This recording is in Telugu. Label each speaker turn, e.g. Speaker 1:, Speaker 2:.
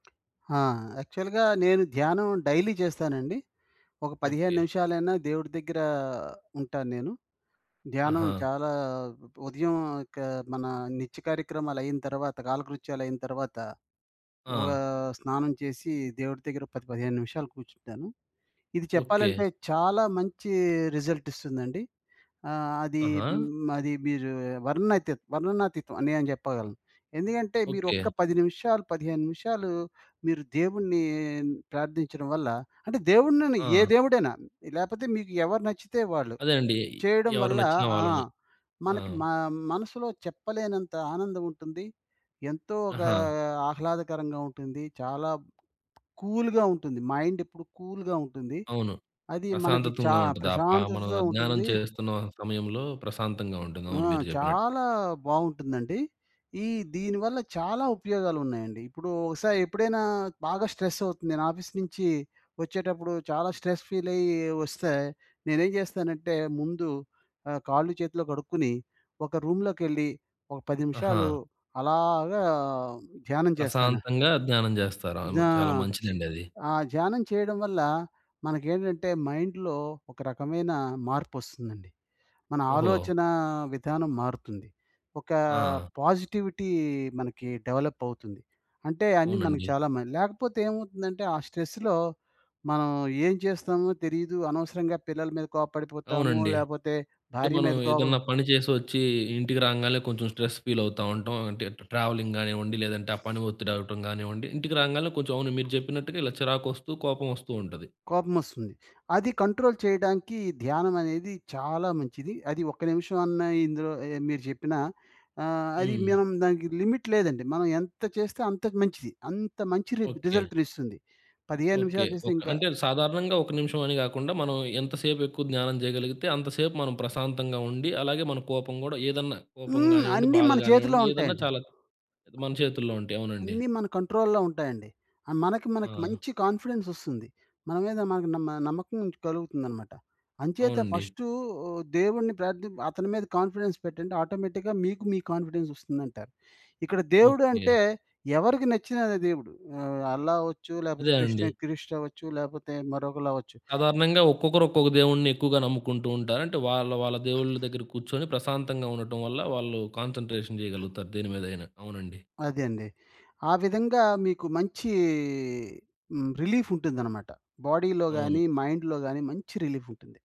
Speaker 1: ఆ! యాక్చువల్‌గా, నేను ధ్యానం డైలీ జేస్తానండి. ఒక 15
Speaker 2: ఓకే.
Speaker 1: నిమిషాలైనా దేవుడి దగ్గరా ఉంటాను నేను. ధ్యానం
Speaker 2: ఆహా!
Speaker 1: చాలా ఉదయం ఒక మన నిత్య కార్యక్రమాలయిన తరవాత, కాలకృత్యాలయిన తరవాత, ఓ
Speaker 2: ఆ!
Speaker 1: స్నానం చేసి, దేవుడి దగ్గర 10, 15 నిమిషాలు కూర్చుంటాను. ఇది
Speaker 2: ఓకే.
Speaker 1: చెప్పాలంటే, చాలా మంచీ రిజల్టిస్తుందండి. ఆహ్, అదీ
Speaker 2: ఆహా!
Speaker 1: హ్మ్, అది మీరు వర్ణనాతీత్ వర్ణనాతీతం అనే అని జెప్పగలను. ఎందుకంటే, మీరు ఒక్క
Speaker 2: ఓకే.
Speaker 1: 10 నిమిషాలు, 15 నిమిషాలు, మీరు దేవున్నీ ప్రార్థించడం వల్ల అంటే దేవుడినని ఏ
Speaker 2: ఆ!
Speaker 1: దేవుడైనా లేపోతే మీకు ఎవరు నచ్చితే వాళ్ళు,
Speaker 2: అదే అండి ఎయ్
Speaker 1: చేయడం
Speaker 2: ఎవరు
Speaker 1: వల్ల
Speaker 2: నచ్చిన
Speaker 1: ఆ!
Speaker 2: వాళ్ళని. ఆ!
Speaker 1: మనకి మ మనసులో చెప్పలేనంత ఆనందం ఉంటుంది. ఎంతో ఒకా
Speaker 2: ఆహా!
Speaker 1: ఆహ్లాదకరంగా ఉంటుంది, చాలా కూల్‌గా ఉంటుంది, మైండెప్పుడు కూల్‌గా ఉంటుంది,
Speaker 2: అవును.
Speaker 1: అది మనకి చా
Speaker 2: ప్రశాంతతుంగా ఉంటది, ఆ ప మనం
Speaker 1: ప్రశాంతతతో
Speaker 2: ఆ ధ్యానం
Speaker 1: ఉంటుందీ
Speaker 2: చేస్తున్న సమయంలో, ప్రశాంతంగా
Speaker 1: ఆ!
Speaker 2: ఉంటుందవును మీరు జెప్పినట్టు.
Speaker 1: చాలా బావుంటుందండి. ఈ దీని వల్ల చాలా ఉపయోగాలున్నాయండి, ఇప్పుడూ ఒకసారెప్పుడైనా బాగా స్ట్రెస్ అవుతుంది, నేనాఫీసు నుంచీ వచ్చేటప్పుడు, చాలా స్ట్రెస్ ఫీలయ్యి ఒస్తే, నేనేం చేస్తానంటే, ముందు ఆహ్, కాళ్ళు చేతులు కడుక్కొని, ఒక రూమ్‌లోకెళ్లి, ఒక 10
Speaker 2: ఆహా!
Speaker 1: నిమిషాలు అలాగా ధ్యానం జేస్తాను.
Speaker 2: ప్రశాంతంగా ధ్యానం జేస్తారు. అవును,
Speaker 1: ధ్యా
Speaker 2: చాలా మంచిదండది.
Speaker 1: ఆ ధ్యానం చేయడం వల్ల, మనకేంటంటే మైండ్‌లో, ఒక రకమైన మార్పొస్తుందండి. మన
Speaker 2: ఓహో!
Speaker 1: ఆలోచనా విధానం మారుతుంది. ఒకా
Speaker 2: ఆ!
Speaker 1: పాజిటివిటీ మనకి డెవలప్ అవుతుంది. అంటే, అన్ని మనకు
Speaker 2: అవునండీ.
Speaker 1: చాలా మల్ లేకపోతే ఏమవుతుందంటే, ఆ స్ట్రెస్‌లో మనం ఏం చేస్తామో తెలీదు, అనవసరంగా పిల్లల మీద కోప్పడిపోతాము,
Speaker 2: అవునండి.
Speaker 1: లేపోతే
Speaker 2: అంటే
Speaker 1: భార్య
Speaker 2: మనం,
Speaker 1: మీద కోపం
Speaker 2: ఏదన్నా పని చేసొచ్చి ఇంటికి రాంగాల్నే, కొంచెం స్ట్రెస్ ఫీలవుతా ఉంటాం. అంటే ట ట్రావెలింగ్ గానివ్వండి, లేదంటే ఆ పని ఒత్తిడవ్వటం గానివ్వండి, ఇంటికి రాంగాల్నే కొంచెం అవును మీరు జెప్పినట్టుగా ఇలా చిరాకొస్తూ, కోపమోస్తూ ఉంటది.
Speaker 1: కోపమోస్తుంది. అది కంట్రోల్ చేయడానికి, ధ్యానం అనేది చాలా మంచిది. అది ఒక్క నిమిషం అన్నా ఇందులో ఏయ మీరు జెప్పిన ఆహ్, అది
Speaker 2: హ్మ్.
Speaker 1: మనం దానికి లిమిట్ లేదండి, మనం ఎంత చేస్తే అంతకి మంచిది. అంత మంచి రిజ్
Speaker 2: ఓకే.
Speaker 1: రిజల్ట్‌ని ఇస్తుంది. 15
Speaker 2: ఓకే.
Speaker 1: నిమిషాలు చేస్తే
Speaker 2: ఒక
Speaker 1: ఇంకా
Speaker 2: అంటే, అది సాధారణంగా ఒక నిమిషం అని గాకుండా, మనం ఎంత సేపెక్కువ జ్ఞానం జేయగలిగితే, అంతసేపు మనం ప్రశాంతంగా ఉండి, అలాగే మన కోపం గూడా, ఏదన్నా కోపం
Speaker 1: హ్మ్.
Speaker 2: గానివ్వండి,
Speaker 1: అన్ని
Speaker 2: బాధ
Speaker 1: మన చేతిలో
Speaker 2: గానివ్వండి, ఏదన్నా
Speaker 1: ఉంటాయండి.
Speaker 2: చాలా అది మన చేతుల్లో ఉంటాయి. అవునండి.
Speaker 1: అన్ని మన కంట్రోల్‌లో ఉంటాయండి, ఆహ్, మనకి మనకి
Speaker 2: ఆ!
Speaker 1: మంచి కాన్ఫిడెన్సొస్తుంది, మన మీద మనకు నమ్మ నమ్మకం కలుగుతుందనమాట. అంచేత
Speaker 2: అవునండి.
Speaker 1: ఫస్టు ఆహ్, దేవుడిని ప్రార్థిం అతని మీద కాన్ఫిడెన్స్ పెట్టండి, ఆటోమేటిక్‌గా మీకు మీ కాన్‌ఫి‌డెన్స్ ఒస్తుందంటారు. ఇక్కడ దేవుడు
Speaker 2: ఓకే.
Speaker 1: అంటే, ఎవరికి నచ్చిననదే దేవుడు. ఆహ్, అల్లా అవ్వచ్చు, లేకపోతే
Speaker 2: అదే అండి.
Speaker 1: క్రిస్టియన్, క్రిస్ట్ అవ్వచ్చు, లేకపోతే మరొకళ్ళవ్వచ్చు.
Speaker 2: సాధారణంగా ఒక్కొక్కరు ఒక్కొక్క దేవుడ్ని ఎక్కువగా నమ్ముకుంటూ ఉంటారు. అంటే, వాళ్ళ వాళ్ళ దేవుళ్ళ దగ్గర కూర్చొని, ప్రశాంతంగా ఉండటం వల్ల, వాళ్ళు కాన్సంట్రేషన్ చేయగలుగుతారు, దేని మీదయినా. అవునండి.
Speaker 1: అదండి. ఆ విధంగా మీకు మంచీ హ్మ్, రిలీఫుమటుందనమాట. బాడీ‌లో
Speaker 2: అవును.
Speaker 1: గానీ, మైండ్‌లో గానీ, మంచి రిలీఫుంటుంది.